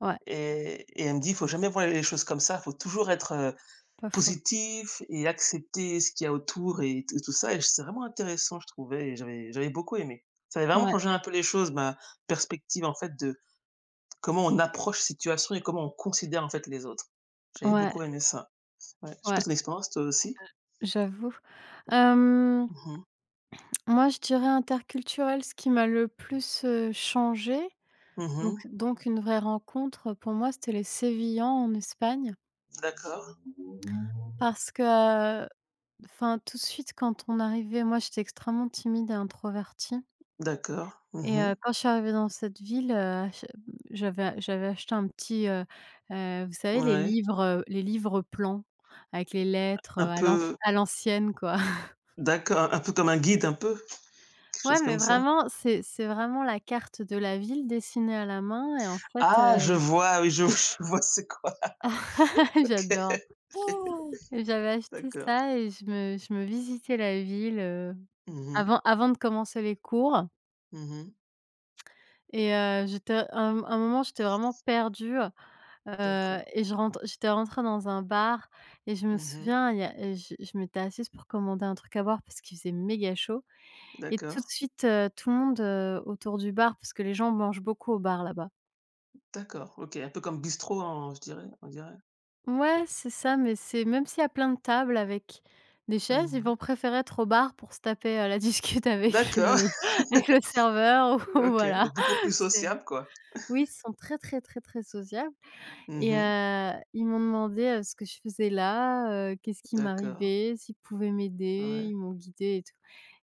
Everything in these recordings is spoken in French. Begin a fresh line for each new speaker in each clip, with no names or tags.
Ouais.
Et et elle me dit: «Faut jamais voir les choses comme ça, il faut toujours être, heu,
Pas faux.
positif et accepter ce qu'il y a autour», et tout et tout ça et c'est vraiment intéressant, je trouvais et j'avais j'avais beaucoup aimé. Ça avait vraiment
Ouais.
changé un peu les choses, ma perspective, en fait, de comment on approche la situation et comment on considère, en fait, les autres. J'avais
Ouais.
beaucoup aimé ça. Ouais, je sais
Ouais.
pas tu as une expérience, toi aussi?
Heu, j'avoue, hem
Mmh mh.
moi je dirais interculturel, ce qui m'a le plus, heu, changée.
Mmh
Donc
mh.
donc une vraie rencontre, heu, pour moi, c'était les Sévillans en Espagne.
D'accord.
Parce que, enfin tout de suite quand on arrivait moi j'étais extrêmement timide et introvertie.
D'accord,
Et
mmh mh.
heu, quand je suis arrivée dans cette ville, heu, j hem, j'avais j'avais acheté un petit, heu, heu, vous savez les
Ouais.
livres, heu, les livres plans avec les lettres, heu,
Un
à l'anc
peu
à l'ancienne, quoi.
D'accord, un peu comme un guide un peu? Quelque
Ouais,
chose
mais
comme ça?
vraiment, c'est c'est vraiment la carte de la ville dessinée à la main et en fait,
Ah je
heu
vois, oui je v je vois c'est quoi. OK.
J'adore. J'avais acheté
D'accord.
ça et je me je me visitais la ville, heu,
Mmh mh.
avant avant de commencer les cours
Mmh mh.
et heu, j'étais un m un moment, j'étais vraiment perdue, heu, heu
D'accord.
et je rentre j'étais rentrée dans un bar et je me
Mmh mh.
souviens, il y a et je je m'étais assise pour commander un truc à boire parce qu'il faisait méga chaud et tout de
D'accord.
suite, heu, tout le monde, heu, autour du bar parce que les gens mangent beaucoup au bar, là-bas.
D'accord, OK, un peu comme bistrot en je dirais on dirait?
Ouais, c'est ça, mais c'est même s'il y a plein de table avec des chaises, ils
Mmh.
vont préférer être au bar pour se taper la discute avec
D'accord.
le le avec le serveur ou
OK,
voilà,
donc beaucoup plus
c'est
sociables, quoi.
oui, ils sont très, très, très, très sociables,
Mmh
et
mh.
heu, ils m'ont demandé ce que je faisais là, heu, qu'est-ce qui
D'accord.
m'arrivait, s'ils pouvaient m'aider,
Ouais.
ils m'ont guidée et tout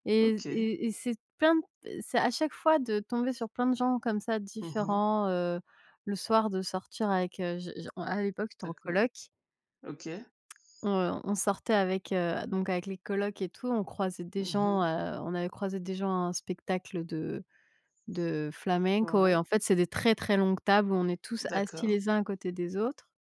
et
OK.
et et c'est plein p c'est à chaque fois de tomber sur plein de gens comme ça
Mmh mh.
différents, heu, le soir de sortir avec, heu, je je en à l'époque, j'étais en
D'accord.
coloc
OK.
heu, on sortait avec, heu, donc avec les colocs et tout, on croisait des
Mmh
gens,
mh.
heu, on avait croisé des gens à un spectacle de de flamenco et
Ouais.
en fait, c'est des très, très longues tables où on est tous assis
D'accord.
les uns à côté des autres